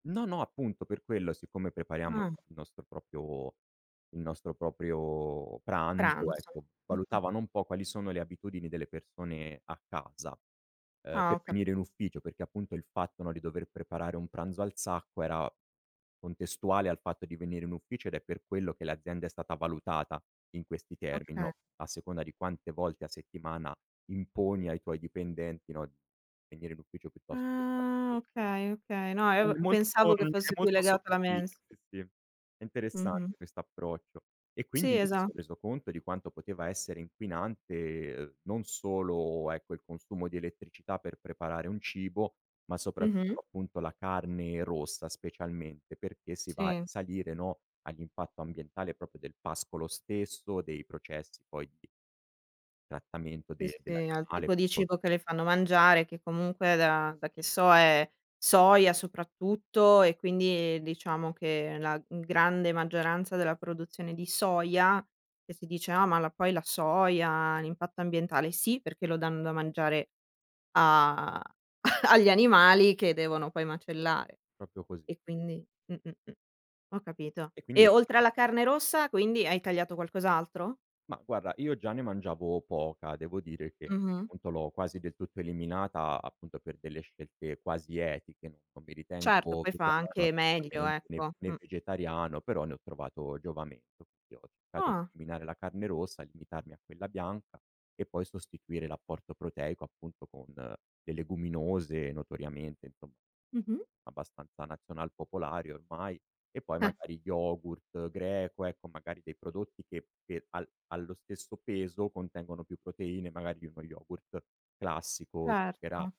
No, no, appunto per quello siccome prepariamo il Mh. nostro proprio il nostro proprio pranzo, Pranzo, ecco, mh-mh. valutavano un po' quali sono le abitudini delle persone a casa, ehm, Ah, ho per ca venire in ufficio, perché appunto il fatto, no, di dover preparare un pranzo al sacco era contestuale al fatto di venire in ufficio ed è per quello che l'azienda è stata valutata in questi termini, no, Okay. a seconda di quante volte a settimana imponi ai tuoi dipendenti, no, di venire in ufficio piuttosto che star Ah, fuo okay, okay! No È ev molto, pensavo che è fosse più molto legato alla sottile, mens sì, sì. È Mh-mh. interessante quest'approccio. E quindi Sì, lì mi esa son reso conto di quanto poteva essere inquinante, uhm, non solo, ecco, il consumo di elettricità per preparare un cibo, ma Mh-mh. soprattutto appunto la carne rossa, specialmente, perché si va a Sì. risalire, no, all'impatto ambientale proprio del pascolo stesso, dei processi poi di trattamento Sì, de sì, al dell'animale tipo di cibo che [unintelligible] le fanno mangiare, che comunque da da che so è soia soprattutto, e quindi diciamo che la grande maggioranza della produzione di soia, che si dice: "Ah, ma la poi la soia, l'impatto ambientale", sì, perché lo danno da mangiare a agli animali che devono poi macellare. Proprio cos E quindi mh, mh, mh. Ho capito. E quindi E oltre alla [unintelligible] carne rossa, quindi, hai tagliato qualcos'altro? Mah, guarda, io già ne mangiavo poca, devo dire che Mh-mh. appunto l'ho quasi del tutto eliminata, appunto per delle scelte quasi etiche, non mi Certo, ritengo poi fa vegano anche meglio assolutamente né ecco, né mh. vegetariano, però ne ho trovato giovamento [unintelligible] ho cercato di Ah! eliminare la carne rossa, limitarmi a quella bianca e poi sostituire l'apporto proteico, appunto, con le leguminose notoriamente, insomma, Mh-mh. abbastanza nazional popolari ormai. E poi Eh! magari yogurt greco, ecco, magari dei prodotti che per al allo stesso peso contengono più proteine magari di uno yogurt classico Certo. zucchera